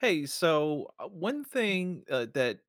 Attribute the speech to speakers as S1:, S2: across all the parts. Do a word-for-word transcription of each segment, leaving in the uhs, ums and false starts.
S1: Hey, so, uh, one
S2: Mm.
S1: thing, uh, that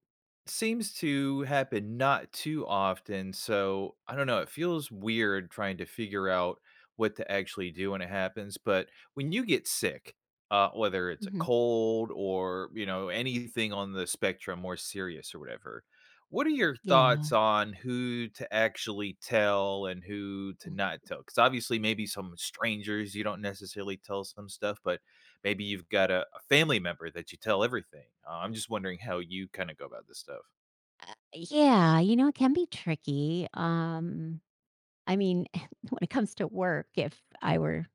S1: seems to happen not too often, so I don't know, it feels weird trying to figure out what to actually do when it happens, but when you get sick, uh, whether it's a
S2: Mhm.
S1: cold or, you know, anything on the spectrum more serious or whatever, what are your thoughts
S2: Yeah.
S1: on who to actually tell and who to
S2: Mhm.
S1: not tell? 'Cause, obviously, maybe some strangers you don't necessarily tell some stuff, but maybe you've got a a family member that you tell everything, uh, I'm just wondering how you kinda go about this stuff.
S2: Uh, yeah, you know, it can be tricky, um, I mean, when it comes to work, if I were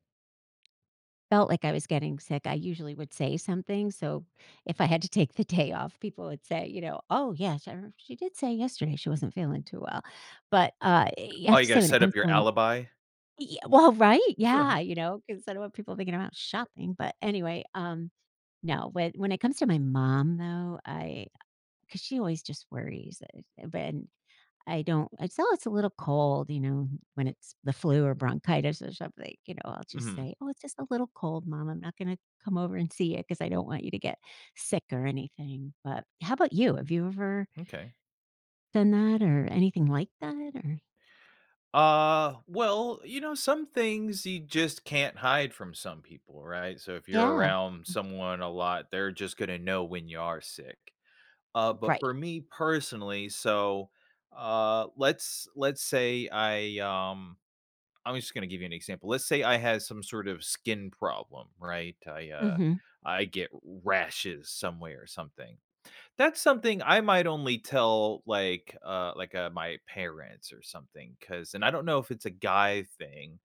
S2: felt like I was getting sick, I usually would say something, so if I had to take the day off, people would say, you know, "Oh, yes, I remember she did say yesterday she wasn't feeling too well." But, uh, you
S1: Oh,
S2: have
S1: you
S2: to
S1: gotta
S2: say when it
S1: set up
S2: comes to
S1: your
S2: when
S1: alibi?
S2: Ye well, right? Yeah, you know, 'cause I don't want people thinking I'm out shopping, but anyway, um, now when when it comes to my mom though, I 'cause she always just worries, eh, but and I don't I s "Oh, it's a little cold," you know, when it's the flu or bronchitis or something, you know. I'll just
S1: Mhm.
S2: say, "Oh, it's just a little cold, mom. I'm not gonna come over and see you 'cause I don't want you to get sick or anything." But how about you? Have you ever
S1: M'kay.
S2: done that or anything like that, or
S1: Uh, well, you know, some things you just can't hide from some people, right? So, if you're
S2: Yeah.
S1: around
S2: Mhm.
S1: someone a lot, they're just gonna know when you are sick. Uh, but
S2: Right.
S1: for me personally, so, uh, let's let's say I, um I'm just gonna give you an example, let's say I had some sort of skin problem, right? I, uh,
S2: Mhm.
S1: I get rashes somewhere or something. That's something I might only tell, like, uh, like, uh, my parents or something 'cause and I don't know if it's a guy thing,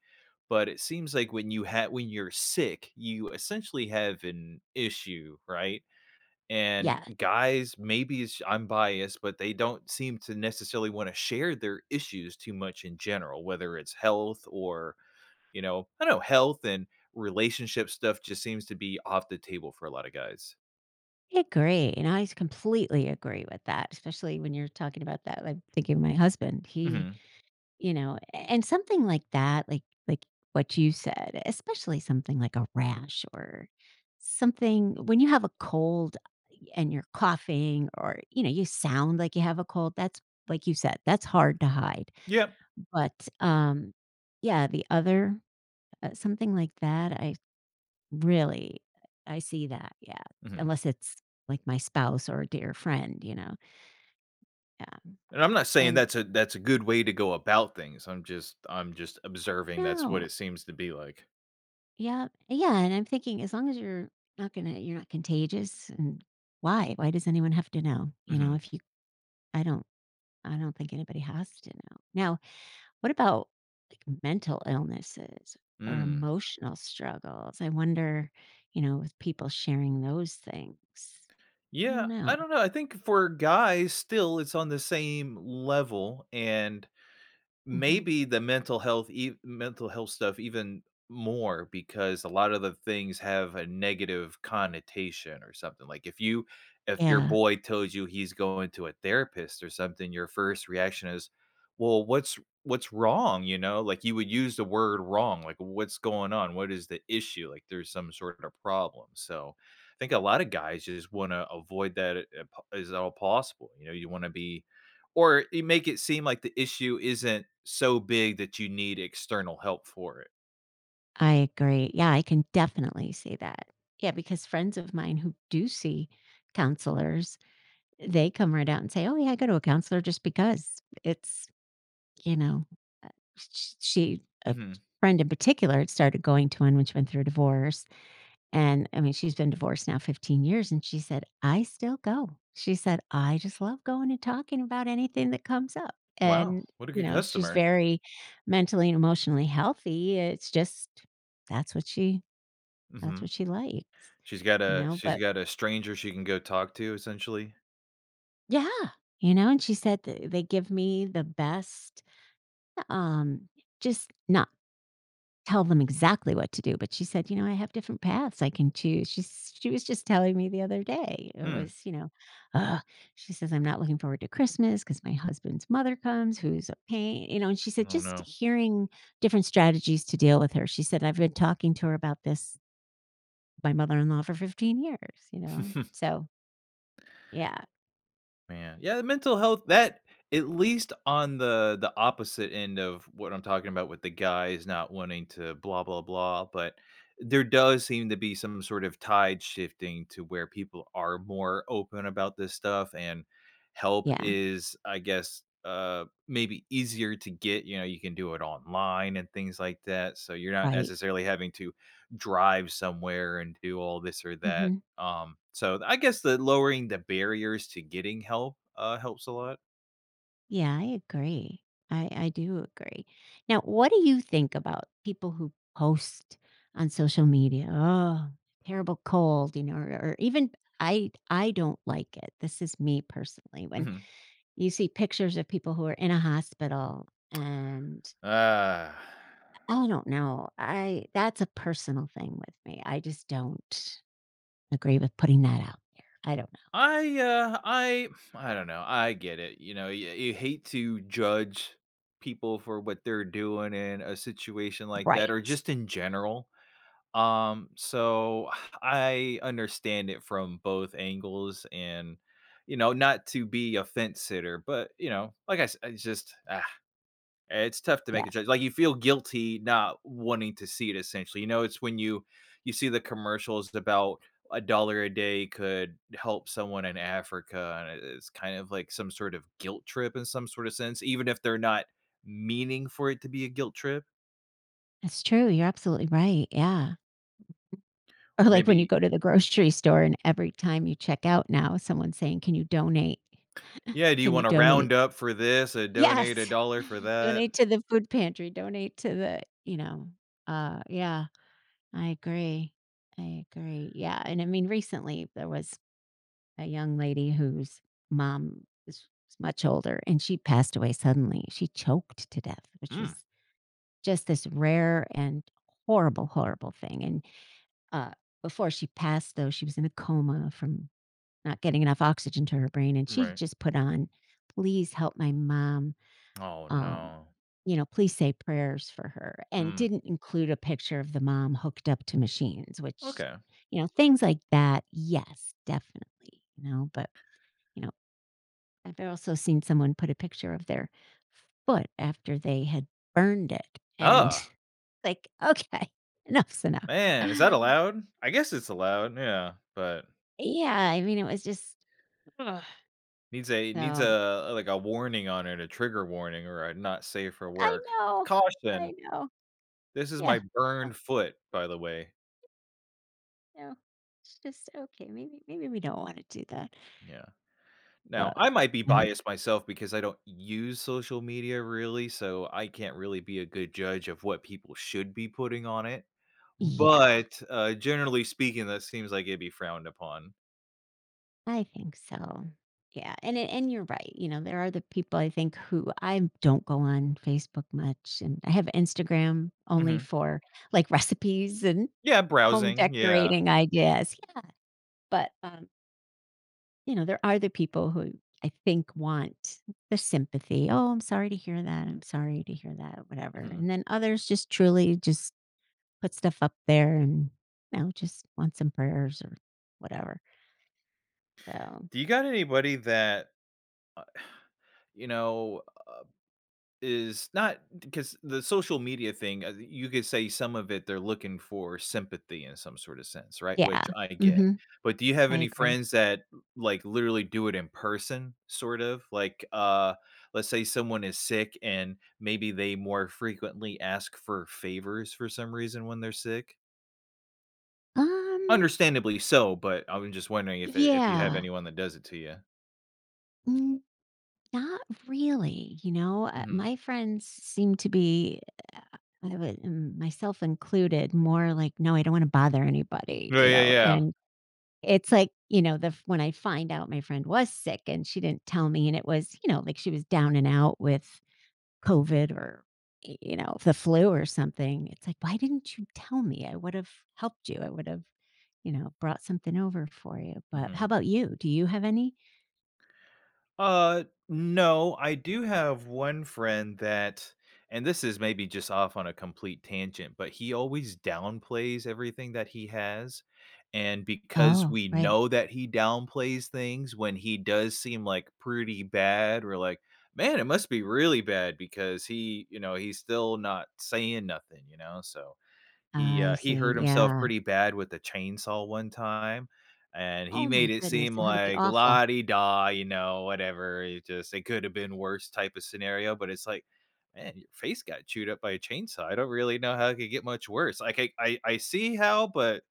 S1: but it seems like when you have when you're sick, you essentially have an issue, right? And
S2: Yeah.
S1: guys, maybe it's j I'm biased, but they don't seem to necessarily wanna share their issues too much in general, whether it's health or, you know I don't know, health and relationship stuff just seems to be off the table for a lotta guys.
S2: I agree, and I s completely agree with that, especially when you're talking about that like, thinking of my husband, he
S1: Mhm.
S2: you know? A and, something like that, like like what you said, especially something like a rash or something when you have a cold, uh, and you're coughing, or, you know, you sound like you have a cold, that's like you said, that's hard to hide,
S1: Yep.
S2: but, um, yeah, the other uh, something like that, I really, I see that, yeah.
S1: Mhm.
S2: Unless it's, like, my spouse or a dear friend, you know? Yeah,
S1: And I'm not saying
S2: and
S1: that's a that's a good way to go about things. I'm just I'm just observing that's what
S2: No.
S1: it seems to be like.
S2: Yep. Uh, yeah, and I'm thinking, as long as you're not gonna you're not contagious, and Why? Why does anyone have to know? You know,
S1: Mhm.
S2: if you I don't I don't think anybody has to know. Now, what about, like, mental illnesses, or
S1: Mm.
S2: emotional struggles? I wonder, you know, with people sharing those things. I don't
S1: Yeah. I
S2: know.
S1: don't know, I think for guys, still, it's on the same level, and
S2: Mhm.
S1: maybe the mental health ev mental health stuff even more, because a lot of the things have a negative connotation, or something. Like, if you if your
S2: Yeah.
S1: boy tells you he's going to a therapist, or something, your first reaction is, "Well, what's what's wrong?" You know? Like, you would use the word "wrong." Like, what's going on? What is the issue? Like, there's some sort of a problem, so I think a lotta guys just wanna avoid that a at as all possible. You know, you wanna be or you make it seem like the issue isn't so big that you need external help for it.
S2: I agree. Yeah, I can definitely see that. Yeah, because friends of mine who do see counselors, they come right out and say, “Oh, yeah, I go to a counselor just because,” it's, you know, uh, sh sh she a
S1: Mhm.
S2: friend in particular started going to one which went through a divorce, and I mean, she's been divorced now fifteen years, and she said, “I still go.” She said, “I just love going and talking about anything that comes up,"
S1: Wow.
S2: and,
S1: What a
S2: you
S1: good
S2: know, she's
S1: customer.
S2: very mentally and emotionally healthy, it's just that's what she that's
S1: Mhm.
S2: what she likes.
S1: She's got
S2: You
S1: a
S2: know,
S1: she's
S2: but
S1: got a stranger she can go talk to, essentially?
S2: Yeah! You know, and she said that, "They give me the best" eh, um, just not tell them exactly what to do, but she said, “You know, I have different paths I can choose,” she she was just telling me the other day. It
S1: Mm.
S2: was, you know, she says, “I'm not looking forward to Christmas ‘cause my husband's mother comes who's a pain," you know? And she said,
S1: Oh,
S2: “Just
S1: no.
S2: hearing different strategies to deal with her,” she said, “I've been talking to her about this" "my mother-in-law, for fifteen years.” You know? So yeah.
S1: Man, yeah, the mental health that at least on the the opposite end of what I'm talking about with the guys not wanting to blah, blah, blah, but there does seem to be some sort of tide shifting to where people are more open about this stuff and help
S2: Yeah.
S1: is, I guess, uh, maybe easier to get. You know, you can do it online and things like that, so you're not
S2: Right.
S1: necessarily having to drive somewhere and do all this or that.
S2: Mhm.
S1: Um, so I the guess the lowering the barriers to getting help, uh, helps a lot.
S2: Yeah, I agree. I I do agree. Now, what do you think about people who post on social media, "Terrible cold," you know, or or even I I don't like it. This is me, personally, when
S1: Mhm.
S2: you see pictures of people who are in a hospital, and I I don't know. I that's a personal thing with me. I just don't agree with putting that out there. I don't know.
S1: I, uh, I I don't know, I get it, you know? You you hate to judge people for what they're doing in a situation like that,
S2: Right.
S1: or just in general. Um, so I understand it from both angles and, you know, not to be a fence-sitter, but, you know, like I sa it's just ugh, i it's tough to
S2: Yeah.
S1: make a judge like, you feel guilty not wanting to see it, essentially. You know, it's when you you see the commercials d about a dollar a day could help someone in Africa, and it is, kind of like, some sort of guilt trip, in some sort of sense, even if they're not meaning for it to be a guilt trip.
S2: That's true, you're absolutely right, yeah. Or
S1: Or
S2: like when you
S1: maybe
S2: go to the grocery store and every time you check out now, someone's saying, "Can you donate"
S1: Yeah, "Do you
S2: "Can you
S1: wanna
S2: donate"
S1: round up for this
S2: Y
S1: and
S2: yes!
S1: donate a dollar for that?"
S2: "Donate to the food pantry. Donate to the" you know, uh, yeah. I agree. I agree, yeah, and I mean, recently there was a young lady whose mom is much older and she passed away suddenly. She choked to death, which
S1: Mm.
S2: was just this rare and horrible, horrible thing, and, uh, before she passed though, she was in a coma from not getting enough oxygen to her brain, and she
S1: Right.
S2: just put on, "Please help my mom,
S1: Oh
S2: um,
S1: no.
S2: you know, please say prayers for her," and
S1: Mm.
S2: didn't include a picture of the mom hooked up to machines, which
S1: Okay.
S2: you know, things like that, yes, definitely, you know? But, you know, I've also seen someone put a picture of their f foot after they had burned it and,
S1: Ugh!
S2: like, okay, enough's enough.
S1: Man, is that allowed? I guess it's allowed, yeah, but
S2: Yeah, I mean, it was just ugh,
S1: Needs a needs,
S2: so
S1: uh a like a warning on it, a trigger warning or a
S2: I
S1: not-safe-for-work,
S2: know,
S1: "Caution
S2: I know.
S1: this is
S2: Yeah,
S1: my burned foot, by the way.
S2: uh No, it's just okay, maybe maybe we don't wanna do that
S1: Yeah. Now,
S2: but,
S1: I might be
S2: [unintelligible]
S1: biased myself because I don't use social media really, so I can't really be a good judge of what people should be putting on it,
S2: Yeah.
S1: but, uh, generally speaking, that seems like it'd be frowned upon.
S2: I think so. Yeah, and it and you're right, you know, there are the people I think who I don't go on Facebook much, and I have Instagram only
S1: Mhm.
S2: for, like, recipes and
S1: Yeah,
S2: home
S1: browsing, yeah.
S2: decorating ideas Yeah, but, um you know, there are the people, who I think want the sympathy, "Oh, I'm sorry to hear that, I'm sorry to hear that," whatever,
S1: Mhm.
S2: and then others just truly, just put stuff up there and, you know, just want some prayers or whatever so
S1: Do you got anybody that, uh, you know, uh, is not, 'c 'cause the social media thing, uh, the you could say some of it, they're looking for sympathy in some sorta sense, right?
S2: Yeah,
S1: Which I get,
S2: mhm.
S1: but do you have
S2: I
S1: any
S2: agree.
S1: friends that, m like, literally do it in person, sort of? Like, uh, let's say someone is sick and maybe they more frequently ask for favors for some reason when they're sick?
S2: Um
S1: Understandably so, but I was just wondering if it if you have
S2: Yeah.
S1: anyone that does it to ya?
S2: Mm, not really. You know, uh,
S1: Mhm.
S2: my friends s seem to be, uh uh, I I wouldn't myself included, more like, "No, I don't wanna bother anybody,"
S1: Yeah,
S2: you
S1: yeah,
S2: know,
S1: yeah.
S2: and it's like, you know, the f when I find out my friend was sick and she didn't tell me and it was, you know, like she was down and out with COVID or, y you know, the flu or something, it's like, "Why didn't you tell me? I would've helped you. I would've, you know, brought something over for you." But how
S1: Mhm.
S2: 'bout you? Do you have any?
S1: Uh, no. I do have one friend that and this is maybe just off on a complete tangent, but he always downplays everything that he has, and because
S2: Oh,
S1: we
S2: right.
S1: know that he downplays things when he does seem, like, pretty bad, we're like, "Man, it must be really bad because he, you know, he's still not saying nothing," you know? So, he,
S2: I
S1: uh, he
S2: see.
S1: hurt himself
S2: Yeah.
S1: pretty bad with a chainsaw one time, and he
S2: Oh my
S1: made it
S2: goodness,
S1: seem
S2: that had to be
S1: like,
S2: awful.
S1: "la-di-da, you know, whatever, it just it coulda been worse," type of scenario, but it's like, "Man, your face got chewed up by a chainsaw. I don't really know how it could get much worse." Like, I I I see how, but,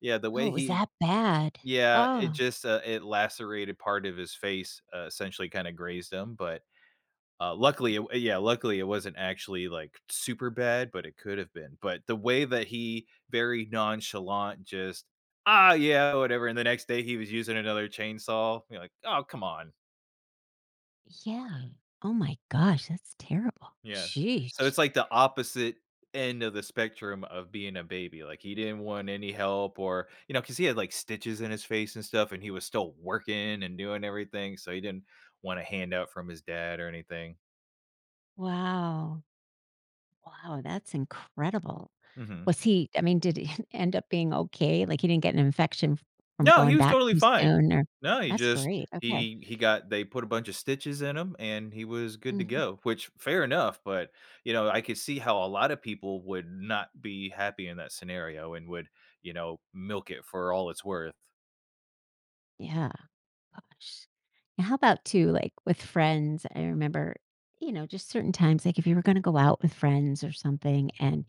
S1: yeah, the
S2: Oh,
S1: way
S2: it was
S1: he
S2: that bad?
S1: Yeah, it
S2: Oh.
S1: just, uh it lacerated part of his face, essentially kinda grazed him, but, uh, luckily, it wa uh, yeah, luckily, it wasn't actually, like, super bad, but it could've been. But the way that he very nonchalant just, "Ah, yeah, whatever," and the next day, he was using another chainsaw, you know, like, "Oh, come on."
S2: Yeah. Oh my gosh, that's terrible.
S1: Yeah. So,
S2: Sheesh.
S1: it's like the opposite end of the spectrum of being a baby, like, he didn't want any help, or you know, ‘cause he had, like, stitches in his face and stuff, and he was still working and doing everything, so he didn't want a handout from his dad or anything.
S2: Wow. Wow, that's incredible.
S1: Mhm.
S2: Was he I mean, did he end up being okay? Like, he didn't get an infection f from
S1: No, he
S2: going
S1: was
S2: back
S1: totally
S2: too
S1: fine.
S2: soon or
S1: No, he
S2: That's
S1: just
S2: great, okay.
S1: he he got they put a bunch of stitches in him, and he was good to
S2: Mhm.
S1: go, which fair enough, but, you know, I could see how a lotta people would not be happy in that scenario and would, you know, milk it for all it's worth.
S2: Yeah. Gosh. And, how about too, like, with friends? I remember, you know, just certain times, like, if you were gonna go out with friends, or something, and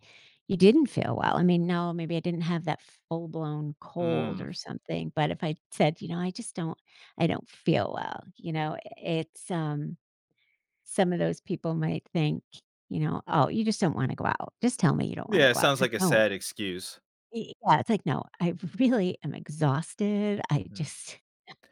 S2: you didn't feel well, I mean, no, maybe I didn't have that full blown cold,
S1: Mm.
S2: or something, but if I said, "You know, I just don't I don't feel well," you know? I it's, um some of those people might think, you know, "Oh, you just don't wanna go out. Just tell me you don't wanna
S1: Yeah, it
S2: go out."
S1: sounds
S2: It's like,
S1: like a
S2: "No"
S1: sad excuse.
S2: I Yeah, it's like, "No, I really am exhausted. I
S1: Hmm.
S2: just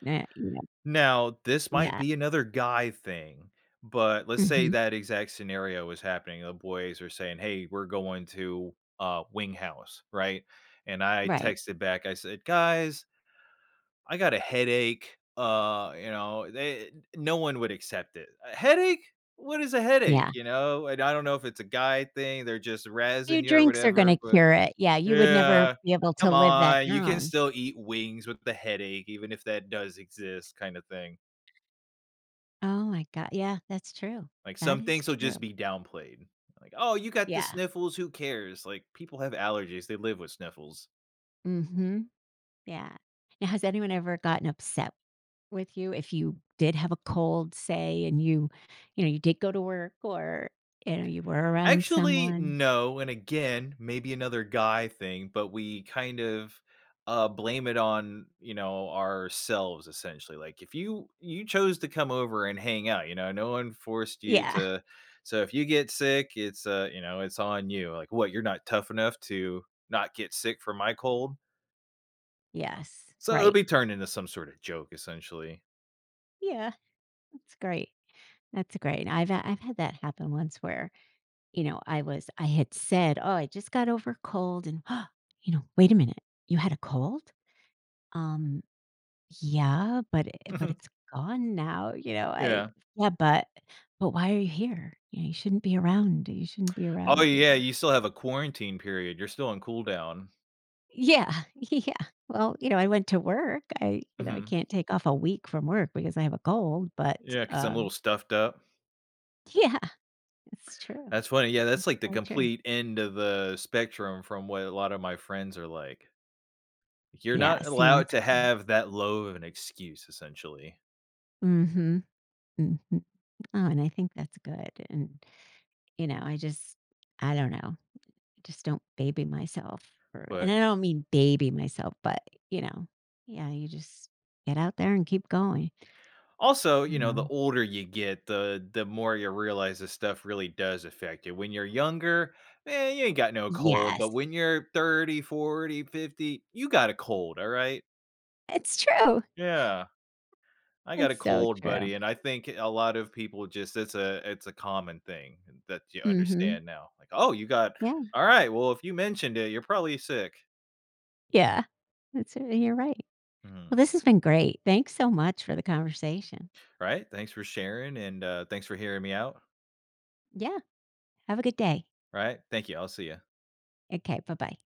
S2: na you know."
S1: Now, this might
S2: Yeah.
S1: be another guy thing, but let's say
S2: Mhm.
S1: that exact scenario was happening, the boys were saying, “Hey, we're going to, uh, Wing House," right? And I
S2: Right.
S1: texted back, I said, “Guys" "I got a headache,” uh, you know, they, uh no one would accept it, “A headache? What is a headache?”
S2: Yeah.
S1: You know? And I don't know if it's a guy thing. They're just
S2: "Few
S1: razzing you or
S2: drinks are
S1: whatever,
S2: gonna
S1: but
S2: cure it." Yeah, you would never
S1: Yeah,
S2: be able to
S1: "Come
S2: live that
S1: on. You can
S2: down.
S1: still eat wings with the headache, even if that does exist," kinda thing.
S2: Oh my go yeah, that's true.
S1: Like,
S2: That
S1: some
S2: is
S1: things will
S2: true.
S1: just be downplayed. Like, "Oh, you got the
S2: Yeah.
S1: sniffles, who cares? Like, people have allergies, they live with sniffles."
S2: Mhm. Yeah. Now, has anyone ever gotten upset with you if you did have a cold, say, and you you know, you did go to work or, you know, you were around
S1: Actually,
S2: someone?
S1: no, and, again, maybe another guy thing, but we kind of, uh, blame it on, you know, ourselves, essentially, like, if you you chose to come over and hang out, you know, no one forced you
S2: Yeah.
S1: to so, if you get sick, it's, uh, you know, it's on you. Like, "What? You're not tough enough to not get sick from my cold?" Uh-huh.
S2: Yes.
S1: So, it'll
S2: Right.
S1: be turned into some sorta joke, essentially.
S2: Yeah, that's great. That's great. I've, uh, I've had that happen once where, you know, I was I had said, "Oh, I just got over a cold," and you know, "Wait a minute, you had a cold?" "Um, yeah, but it but
S1: Mhm.
S2: it's gone now," you know? I
S1: Yeah.
S2: yeah, "But but why are you here? You know, you shouldn't be around, you shouldn't be
S1: Oh,
S2: around," you
S1: yeah,
S2: know?
S1: you still have a quarantine period. You're still on cool down.
S2: Yeah, yeah. Well, you know, I went to work. I you know, I
S1: Mhm.
S2: can't take off a week from work because I have a cold, but,
S1: Yeah, 'cause I'm a little
S2: um.
S1: stuffed up.
S2: Yeah, it's true.
S1: That's funny, yeah, that's, like, the
S2: So true.
S1: complete end of the spectrum from what a lot of my friends are like. You're
S2: Yeah,
S1: not
S2: see? And
S1: allowed
S2: that's
S1: to
S2: great.
S1: have that low of an excuse, essentially.
S2: Mhm, mhm. Oh, and I think that's good, and, you know, I just I don't know, I just don't baby myself for and
S1: But
S2: I don't mean baby myself, but, you know, yeah, you just get out there and keep going.
S1: Also,
S2: S
S1: you
S2: and
S1: know, the
S2: um
S1: older you get, the the more you realize this stuff really does affect you. When you're younger? Man, you ain't got no cold. But
S2: Yes.
S1: when you're thirty, forty, fifty, you got a cold, alright?
S2: It's true.
S1: Yeah. "I got a
S2: It's so
S1: cold,
S2: true.
S1: buddy," and I think, eh, a lot of people just it's a it's a common thing that you
S2: Mhm.
S1: understand now. Like, "Oh, you got
S2: Yeah.
S1: Alright, well, if you mentioned it, you're probably sick."
S2: Yeah, that's it, and you're right. Well,
S1: Mhm.
S2: this has been great, thanks so much for the conversation.
S1: Right? Thanks for sharing, and, uh, thanks for hearing me out.
S2: Yeah, have a good day.
S1: Right. Thank you, I'll see ya.
S2: Okay, bye-bye.